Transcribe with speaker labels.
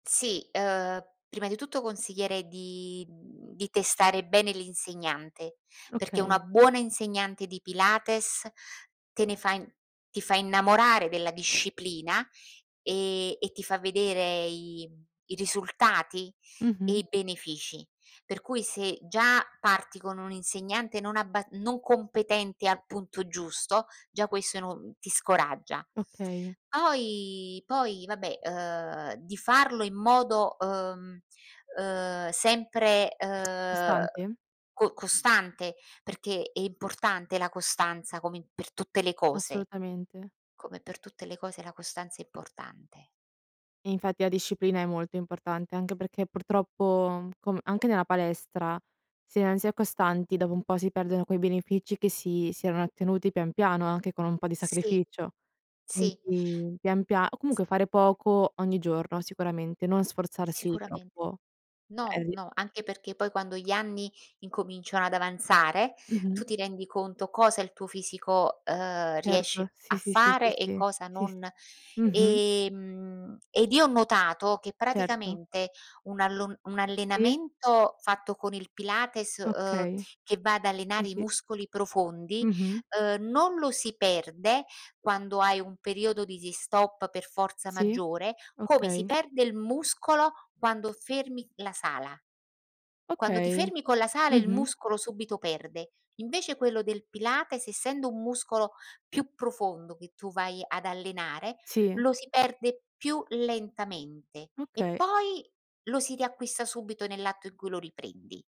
Speaker 1: Sì, ehm, prima di tutto consiglierei di, mhmm, di testare bene l'insegnante, perché, una
Speaker 2: Okay.
Speaker 1: buona insegnante di Pilates, te ne fa in ti fa innamorare della disciplina, ehm, e ti fa vedere i mhmm, i risultati e
Speaker 2: Mh-mh.
Speaker 1: i benefici, per cui, se già, parti con un'insegnante non abba non competente al punto giusto, già questo è no ti scoraggia.
Speaker 2: Okay.
Speaker 1: Poi poi vabbè, ehm, di farlo in modo, ehm, ehm, sempre, ehm
Speaker 2: Costante?
Speaker 1: co costante, perché è importante la costanza, come in per tutte le cose.
Speaker 2: Assolutamente.
Speaker 1: Come per tutte le cose la costanza è importante.
Speaker 2: E infatti, la disciplina è molto importante, anche perché, purtroppo, com anche nella palestra, se non si è costanti, dopo un po' si perdono quei benefici che si si erano ottenuti pian piano, anche con un po' di
Speaker 1: Sì,
Speaker 2: sacrificio.
Speaker 1: sì.
Speaker 2: Quindi pian pia o
Speaker 1: S
Speaker 2: comunque fare poco, ogni giorno sicuramente, non sforzarsi
Speaker 1: Sicuramente.
Speaker 2: troppo.
Speaker 1: No,
Speaker 2: Eh, di
Speaker 1: no, anche perché poi, quando gli anni incominciano ad avanzare,
Speaker 2: Mh-mh.
Speaker 1: tu ti rendi conto, cosa il tuo fisico, ehm, riesce
Speaker 2: Certo, sì,
Speaker 1: a
Speaker 2: sì, sì, sì,
Speaker 1: fare e
Speaker 2: sì.
Speaker 1: cosa
Speaker 2: Sì, s
Speaker 1: non
Speaker 2: mh-mh.
Speaker 1: e, mhmm, ed io ho notato che
Speaker 2: Certo.
Speaker 1: praticamente, un allon un
Speaker 2: Sì.
Speaker 1: allenamento fatto con il Pilates, ehm,
Speaker 2: Okay.
Speaker 1: che va ad
Speaker 2: Sì,
Speaker 1: allenare i
Speaker 2: sì.
Speaker 1: muscoli profondi,
Speaker 2: Mh-mh.
Speaker 1: ehm, non lo si perde quando hai un periodo di si stop per forza
Speaker 2: Sì,
Speaker 1: maggiore, come si
Speaker 2: okay.
Speaker 1: perde il muscolo quando fermi la sala. Quando ti
Speaker 2: Okay,
Speaker 1: fermi con la sala, il
Speaker 2: mh-mh.
Speaker 1: muscolo subito perde. Invece, quello del Pilates, essendo un muscolo più profondo che tu vai ad allenare,
Speaker 2: Sì.
Speaker 1: lo si perde più lentamente e
Speaker 2: Okay.
Speaker 1: poi, lo si riacquista subito, nell'atto in cui lo riprendi.